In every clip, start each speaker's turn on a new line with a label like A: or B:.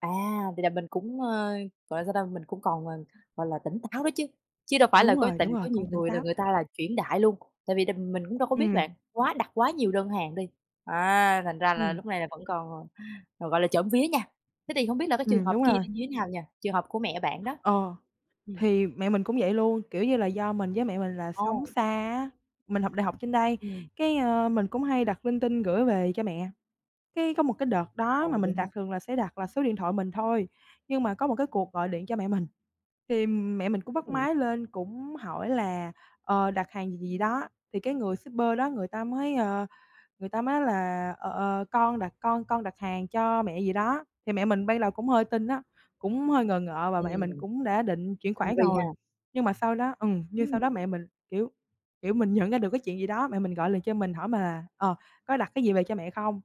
A: À, vậy là mình cũng, ơ, gọi là, sao ta, mình cũng còn, ừm, gọi là, tỉnh táo đó chứ, chứ đâu phải là
B: Đúng
A: gói tình
B: rồi,
A: tại
B: đúng
A: vì
B: rồi.
A: có nhiều
B: Cũng tỉnh
A: người là
B: táo.
A: người ta là chuyển đại luôn, tại vì đ mình cũng đâu có biết
B: Ừm.
A: bạn, quá đặt quá nhiều đơn hàng đi, à, thành ra là
B: Ừm.
A: lúc này là vẫn còn, ờ, gọi là, trộm vía nha. Thế thì hông biết là cái trường
B: Ừm,
A: hợp
B: đúng
A: kia
B: rồi.
A: thì như thế nào nhỉ? Trường hợp của mẹ bạn đó.
B: Ờ,
A: Ừm.
B: thì mẹ mình cũng vậy luôn. Kiểu như là, do mình với mẹ mình là sống
A: Ồ.
B: xa á, mình học đại học trên đây,
A: Ừm.
B: cái, ơ, mình cũng hay đặt linh tinh gửi về cho mẹ. Cái có một cái đợt đó
A: Ồ,
B: mà
A: vậy
B: mình
A: hả?
B: đặt thường là sẽ đặt là số điện thoại mình thôi, nhưng mà có một cái cuộc gọi điện cho mẹ mình, thì mẹ mình cũng
A: Ưm,
B: bắt
A: ừm.
B: máy lên cũng hỏi là, ờ, đặt hàng gì gì gì đó? Thì cái người shipper đó người ta mới, ờ, người ta mới nói là, ờ, ờ, con đặt con con đặt hàng cho mẹ gì đó, thì mẹ mình ban đầu cũng hơi tin á, cũng hơi ngờ ngợ và mẹ mình
A: Ừm,
B: cũng đã định chuyển
A: tinh
B: khoản
A: vi ha.
B: rồi. Nhưng mà sau đó ừm, nhưng sau đó
A: Ừm.
B: mẹ mình, kiểu kiểu, mình nhận ra được cái chuyện gì đó, mẹ mình gọi liền cho mình hỏi mà là "Ờ, có đặt cái gì về cho mẹ không?"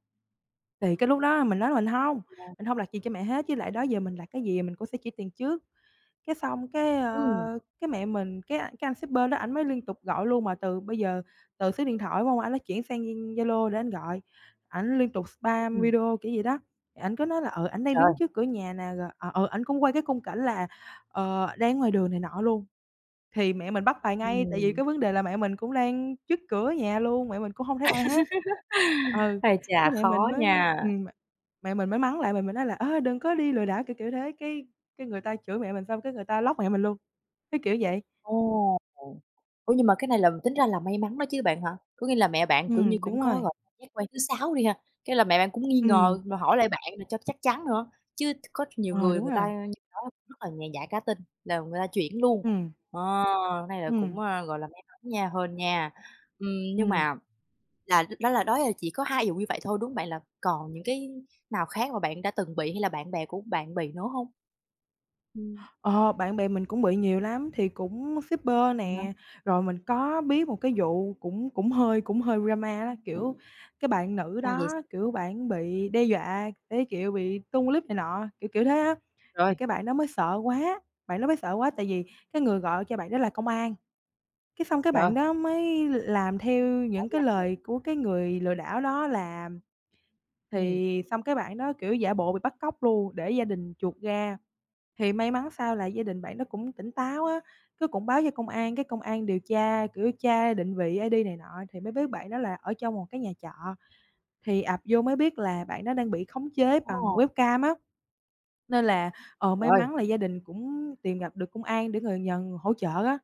B: Thì cái lúc đó mình nói là mình hông,
A: [unintelligible]
B: mình hông đặt gì cho mẹ hết, với lại đó giờ mình đặt cái gì mình cũng sẽ chuyển tiền trước. Cái xong cái,
A: Ừm.
B: ơ, cái mẹ mình cái anh cái anh shipper đó ảnh mới liên tục gọi luôn, mà từ bây giờ từ số điện thoại, đúng hông? Anh ấy chuyển sang Za Zalo để ảnh gọi, ảnh liên tục spam
A: Ừm.
B: video kiểu vậy đó, thì ảnh cứ nói là, ờ, ảnh đang
A: Trời.
B: đứng trước cửa nhà nè, rồi, à, ừ, ảnh cũng quay cái khung cảnh là, ờ, đang ngoài đường này nọ luôn. Thì mẹ mình bắt bài ngay, tại vì
A: Ừm.
B: cái vấn đề là mẹ mình cũng đang trước cửa nhà luôn, mẹ mình cũng hông thấy ai hết. Ừ,
A: Ây cha,
B: cái mẹ mình
A: khó
B: mới
A: nha.
B: ừm, mẹ mẹ mình mới mắng lại, mẹ mình mới nói là, "Ờ, đừng có đi lừa đảo", kiểu, kiểu, thế, cái cái người ta chửi mẹ mình xong, cái người ta block mẹ mình luôn, cái kiểu vậy.
A: Ồ, ồ, ủa, nhưng mà cái này là tính ra là may mắn đó chứ bạn hả? Có nghĩa là mẹ bạn, kiểu như,
B: Ừm, đúng
A: cũng có,
B: rồi.
A: gọi, giác quan thứ 6 đi ha, cái là mẹ bạn cũng nghi ngờ
B: Ừm.
A: rồi hỏi lại bạn nè cho chắc chắn nữa, chứ ch có nhiều
B: Ờ,
A: người
B: đúng
A: người ta
B: rồi.
A: [unintelligible] rất là nhẹ dạ cả tin là người ta chuyển luôn.
B: Ừm.
A: Ờ, này là cũng,
B: Ừm.
A: ờ, gọi là, may mắn nha, hên nha. Ừm, nhưng
B: Ừm.
A: mà là đó là đó giờ chỉ có 2 vụ như vậy thôi, đúng hông bạn? Là còn những cái nào khác mà bạn đã từng bị hay là bạn bè của bạn bị nữa hông? Ừm.
B: Ờ, bạn bè mình cũng bị nhiều lắm, thì cũng shipper
A: Vậy hả?
B: nè. Rồi mình có biết một cái vụ cũng cũng hơi cũng hơi drama đó. Kiểu, cái bạn nữ
A: À, vậy
B: đó,
A: sao?
B: kiểu, bản bị đe dọa cái, kiểu, bị tung clip này nọ, kiểu kiểu thế á. Thì
A: Trời.
B: cái bạn đó mới sợ quá bạn đó mới sợ quá tại vì cái người gọi cho bạn đó là công an, cái xong cái
A: Trời.
B: bạn đó mới làm theo những cái
A: [unintelligible]
B: lời của cái người lừa đảo đó là
A: Ừm.
B: thì xong cái bạn đó, kiểu, giả bộ bị bắt cóc luôn để gia đình chuộc ra. Thì may mắn sao là gia đình bạn đó cũng tỉnh táo á, cái cũng báo cho công an, cái công an điều tra, kiểu, tra định vị ID này nọ, thì mới biết bạn đó là ở trong một cái nhà trọ, thì ập vô mới biết là bạn đó đang bị khống chế bằng
A: Ồ.
B: webcam á. Nên là, ờ,
A: Trời
B: may
A: ơi.
B: mắn là gia đình cũng tìm gặp được công an để người nhờ người hỗ trợ á,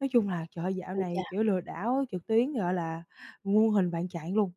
B: nói chung là, trời ơi, dạo
A: Ôi cha.
B: này, kiểu, lừa đảo trực tuyến, gọi là, muôn hình vạn trạng luôn.